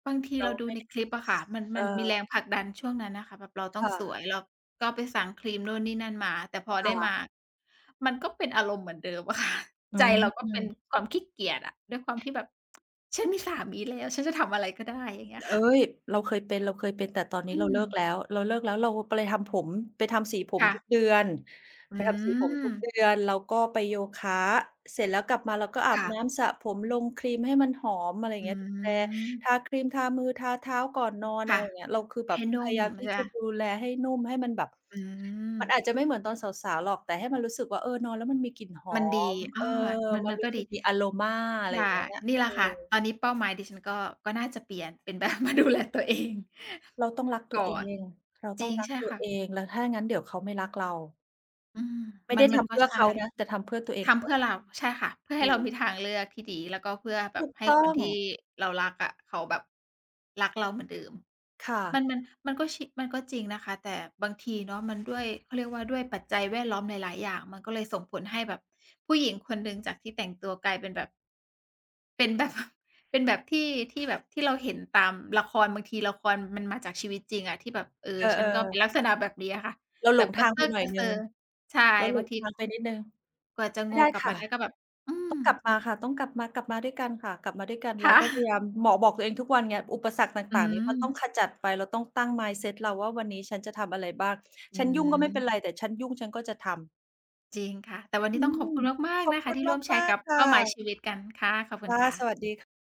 บางทีเรเาราดูไม่ในได้ คลิปอะค่ะ มัน เมอันมีแอ รงผลักดันช่วงนั้นน่ะค่ะ แบบเราตค้อง่สะ วย เราก็ไปสั่งครีมนู่นนี่นั่นมา แต่พอคได่้มะ า มันก็เป็นอารมณ์เหมือนเดิมอะ ค่ะ อืใจเราก็เปม ็นๆ ความขี้เกียจอะ ด้วยความที่แบบ "ฉันมีสามีแล้ว ฉันจะทำอะไรก็ได้" อย่างเงี้ยเคอ๊่ะ ย เราเคยเป็น ๆ แต่ตอนนีอ้ืเรา เลิกม แล้ว ๆ เราไป ไล ทำผม ไปทำสีผคม่ทุะ กเดือน อืไปทำสีผมทุกอ เดือน เราก็ไปโยคะ เสร็จแล้วกลับมาเราก็อาคบ่ะ น้ำ สระผม ลงครีมให้มันหอม อะไรอย่าองืเงี้ย ดูแล ม ทาครีม ทามือ ทาเท้าก่อนนอน คอะ่ไะ รอย่างเงี้ย เราคือแใบหบ้นพุ่ยามยามทใีช่่เจปละ่า? ดูแลให้นุ่ม ให้มันแบบ อืมันอาม จจะไม่เหมือนตอนสาว ๆ หรอก แต่ให้มันรู้สึกว่า เออ นอนแล้วมันมีกลิ่นหอมันดี ม อเอา อ มัน มัมันนรกู็้สดึี กอ มีอะโรมา อะไรใชอ่ ย่างเงี้ย นี่แหเลอะค่ะ อ ตอนนี้ เป้าหมายดิฉันก็ ก็น่าจะเปลี่ยนเป็น แบบมาดูแล ตัวเอง เราต้องรักตกั่ว เออน ง เราตจ้รองิง รัใกช่ตัคว่เะ อง แล้วถ้างั้นเดี๋ยวเขาไม่รักเรา อืม ไม่มัไดน ้มทันำกเ็พื่อใช่ เขานะ แต่ทำเพื่อตัวเอทง ำเพื่อเรา ใช่ค่ะ เพื่อถใหู้เราก มีทางเลือกที่ดี แล้วก็เพื่อแบถูบกให้ต้อคนง ที่เรารักอะ เขาแบบรักเราเหมือนเดิม ค่มัะ น มัน มันก็ ช มันก็จริงนะคะ แต่บางทีเนาะ มันด้วย เขาเรียกว่าด้วยปัจจัยแวดล้อมหลาย ๆ อย่าง มันก็เลยส่งผลให้แบบผู้หญิงคนหนึ่งจากที่แต่งตัวกลายเป็นแบบ เป็นแบบ เป็นแบบที่ ที่แบบ ที่เราเห็นตามละคร บางทีละครมันมาจากชีวิตจริงอะ ที่แบบ เออ เอฉันก็เปอ ็ๆ นลักษณะแบบเนี้ยค่ะ เราแหบลบงกทระางเซไปอะหน่กอรยะเหซนึอ ่ง ใช่ เราหบลางงที ทางไปนิดหนึ่ง กว่าจะไมโ่งได้กลับคม่าะ ได้ ก็แบบ อืตม ้องกลับมาค่ะ ต้องกลับมา กลับมาด้วยกันค่ะ กลับมาด้วยกัน คเร่าก็พยายะ าม หมอบอกตัวเองทุกวันไง อุปสรรคตอื่าง ๆ นี้มันต้องม ขจัดไป เราต้องตั้ง mindset เราว่า "วันนี้ฉันจะทำอะไรบ้าง? อืฉันยุ่งก็ไม่เป็ม นไร แต่ฉันยุ่งฉันก็จะทำ" จริงค่ะ แต่วันนอืี้ต้องขอบม คุณมาก ขๆ อนบะคคุะ ทณี่ร่วมแชมรา์กก ับ ๆ ค่เป้าหมายะ ชีวิตกันค่ะ ขอบคคุณ่ะ ค่ะ สวัสดี ค